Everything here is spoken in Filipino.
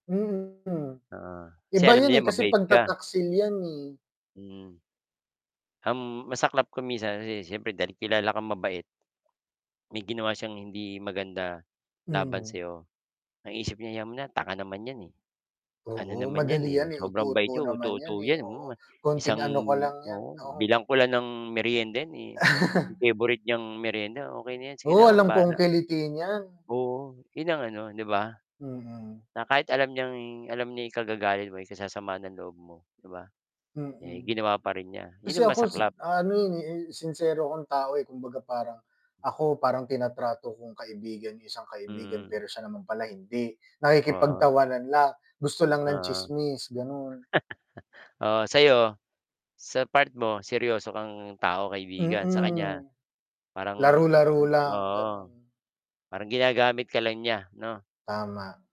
Mm, Ah, kasi iba alam yun niya eh, 'yon kasi mabait ka. pagtataksil yan eh. Hmm, ang masaklap pa minsan se syempre dahil kilala kang mabait may ginawa siyang hindi maganda laban Mhm. sayo ang isip niya "'Yaan mo na, tanga naman yan eh. Ano Oo, naman 'yan madali eh, yan eh, sobrang bait uto-uto yan, naman yan uto-uto eh, yan, hmm, oo, konting isang ano ko lang yan, oo, oo. bilhan ko lang ng merienda eh, yung favorite niyang merienda okey na 'yan sige Oo, na akong alam kong bahala." kiliti niyan. Oo, 'yon ang ano 'di ba? Mm. Na kahit alam niyang alam niya ikagagalit mo, ikasasama ng loob mo 'di ba eh, Mm. ginawa pa rin niya. Kasi 'Yun na ako si masaklap. ano eh, eh, sinsero akong tao eh, kumbaga parang ako parang tinatrato kong kaibigan yung isang kaibigan Mhm. pero siya naman pala hindi. Oo. Nakikipagtawanan lang, gusto lang Oo. ng tsismis, gano'n. Oo, sa'yo sa part mo, seryoso kang tao, kaibigan. Sa Mm. kanya parang Laro-laro lang, gano'n. oo, parang ginagamit ka lang niya 'no? Tama.